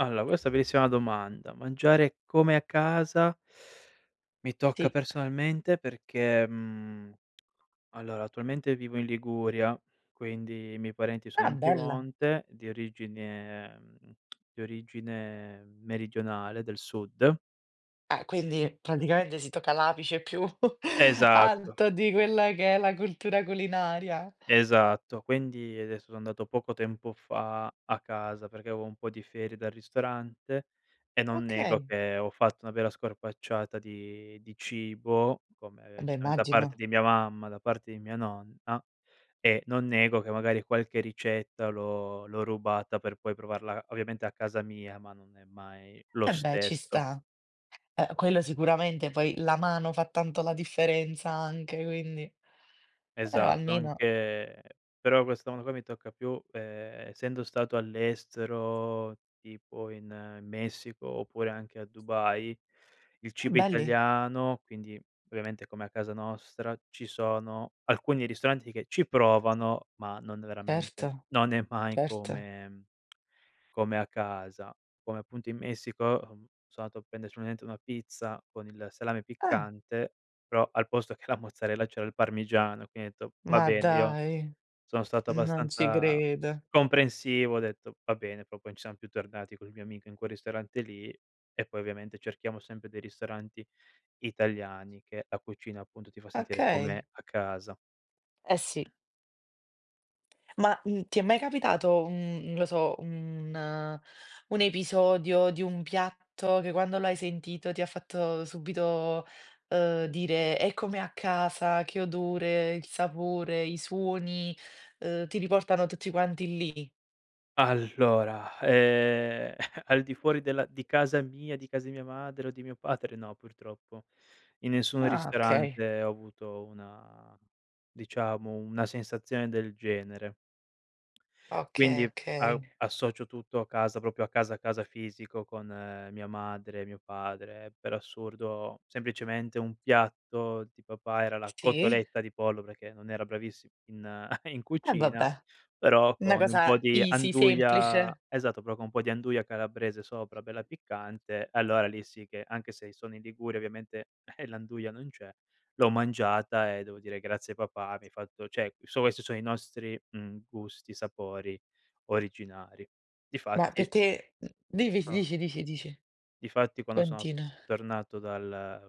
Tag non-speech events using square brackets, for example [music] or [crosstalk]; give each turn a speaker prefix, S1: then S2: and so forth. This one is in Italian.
S1: Allora questa bellissima domanda. Mangiare come a casa, mi tocca
S2: Sì.
S1: personalmente perché, mhmm, allora attualmente vivo in Liguria, quindi i miei parenti sono
S2: Ah,
S1: in
S2: bella.
S1: Piemonte, di origine ehm, [clicks tongue] di origine, meridionale, del sud
S2: Ah, quindi praticamente si tocca l'apice più [chuckles]
S1: Esatto.
S2: alto di quella che è la cultura culinaria.
S1: Esatto. Quindi, adesso, so andato poco tempo fa a casa, perché avevo un po' di ferie dal ristorante e non nego
S2: Okay.
S1: che ho fatto una vera scorpacciata di di cibo,
S2: Ah
S1: come,
S2: beh,
S1: giustamente, da parte
S2: immagino.
S1: di mia mamma, da parte di mia nonna, e non nego che, magari, qualche ricetta l'ho l'ho rubata per poi provarla, ovviamente, a casa mia, ma non è mai lo
S2: Eh beh, ci
S1: stesso.
S2: sta. Eh, quello sicuramente, poi la mano fa tanto la differenza anche, quindi però,
S1: Esatto.
S2: almeno
S1: Anche però, questo mondo qua mi tocca più ehm essendo stato all'estero, tipo, in Messico oppure anche a Dubai, il
S2: Ah,
S1: cibo
S2: belli.
S1: italiano, quindi, ovviamente, come a casa nostra, ci sono alcuni ristoranti che ci provano, ma non
S2: Erto,
S1: veramente, non è mai
S2: certo.
S1: come come a casa. Come, appunto, in Messico, uhm, sono andato a prendere solamente una pizza con il salame
S2: Eh.
S1: piccante, però, al posto che la mozzarella c'era il parmigiano. Quindi, ho detto: “Va
S2: Ma
S1: bene.” io
S2: dai,
S1: sono stato
S2: non ci
S1: abbastanza
S2: credo.
S1: comprensivo, ho detto: “Va bene.” però poi non siamo più tornati col mio amico in quel ristorante lì e, poi, ovviamente, cerchiamo sempre dei ristoranti italiani che la cucina, appunto, ti fa sentire
S2: Okay.
S1: come a casa.
S2: Eh, sì. Ma, mhmm, ti è mai capitato un non lo so, un un episodio di un piatto che quando l'hai sentito ti ha fatto subito, uhm, dire: "È come a casa." Che odore, il sapore, i suoni, uhm, ti riportano tutti quanti lì?
S1: Allora ehm [chuckles] al di fuori della di casa mia, di casa di mia madre o di mio padre no, purtroppo. In nessun
S2: Ah, okay.
S1: ristorante ho avuto una diciamo una sensazione del genere
S2: Okay,
S1: quindi, a
S2: okay.
S1: associo tutto a casa, proprio a casa, a casa fisico, con mia madre, mio padre. Per assurdo, semplicemente, un piatto di papà era la
S2: Sì.
S1: cotoletta di pollo perché non era bravissimo in [chuckles] in
S2: Eh
S1: cucina,
S2: vabbè,
S1: però
S2: 'na
S1: con un
S2: cosa
S1: po' di
S2: easy
S1: anduia
S2: semplice.
S1: esatto, però con un po' di anduia calabrese sopra, bella piccante, allora, lì, sì che, anche se i sono in Liguria, ovviamente, [chuckles] l'anduia non c'è, l'ho mangiata e devo dire: “Grazie, papà, mi hai fatto "cioè, questi sono i nostri, mhmm, gusti, sapori originari.
S2: Ma
S1: Difatti
S2: perché, uhm, div
S1: Ah.
S2: dici, dici, dici.
S1: Difatti quando sono
S2: Continua.
S1: tornato dal